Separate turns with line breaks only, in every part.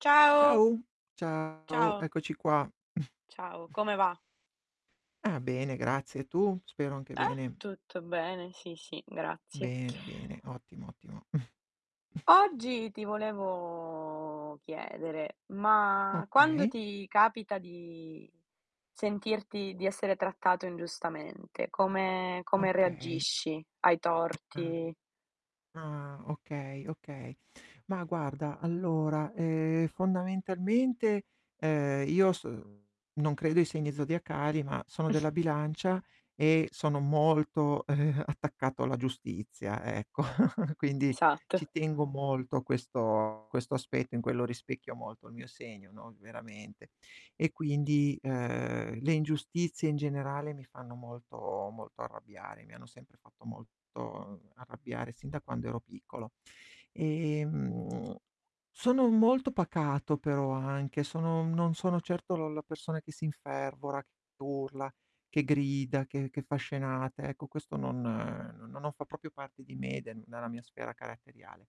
Ciao.
Ciao, ciao.
Ciao.
Eccoci qua.
Ciao, come va?
Ah bene, grazie, e tu? Spero anche
Eh?
bene.
Tutto bene, sì, sì, grazie.
Bene, bene, ottimo, ottimo.
Oggi ti volevo chiedere: ma quando
Okay.
ti capita di sentirti, di essere trattato ingiustamente, come come
Okay.
reagisci ai
Ah,
torti?
ah, okay, okay. Ma guarda, allora, ehm, fondamentalmente, ehm, io s non credo ai segni zodiacali, ma sono della Bilancia e sono molto, ehm, attaccato alla giustizia, ecco. Quindi
Esatto.
ci tengo molto a questo, questo aspetto, in quello rispecchio molto il mio segno, no, veramente. E quindi, ehm, le ingiustizie in generale mi fanno molto molto arrabbiare, mi hanno sempre fatto molto arrabbiare sin da quando ero piccolo. Ehm, sono molto pacato però anche, sono non sono certo la la persona che si infervora, che urla, che grida, che che fa scenate. Ecco, questo non no non fa proprio parte di me, de della mia sfera caratteriale.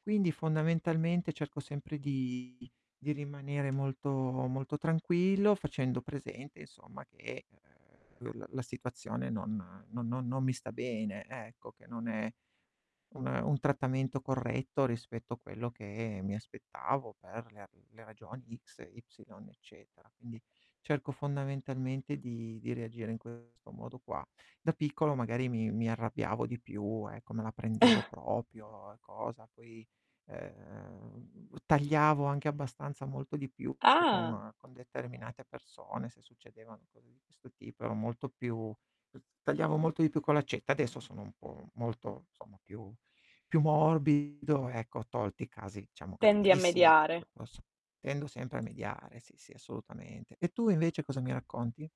Quindi fondamentalmente cerco sempre di di rimanere molto, molto tranquillo facendo presente insomma che, ehm, l la situazione non non non mi sta bene, ecco, che non è un un trattamento corretto rispetto a quello che mi aspettavo per le ra le ragioni X, e Y eccetera. Quindi cerco fondamentalmente di di reagire in questo modo qua. Da piccolo magari mi mi arrabbiavo di più, ecco, me la prendevo proprio e cosa. Poi, ehm, tagliavo anche abbastanza molto di più,
Ah!
con con determinate persone se succedevano cose di questo tipo, ero molto più tagliavo molto di più con l'accetta. Adesso sono un po' molto, insomma più, più morbido. Ecco, tolti casi diciamo
Tendi a
gravissimi, che
mediare.
poi posso tendo sempre a mediare. Sì, sì, assolutamente. E tu invece cosa mi racconti?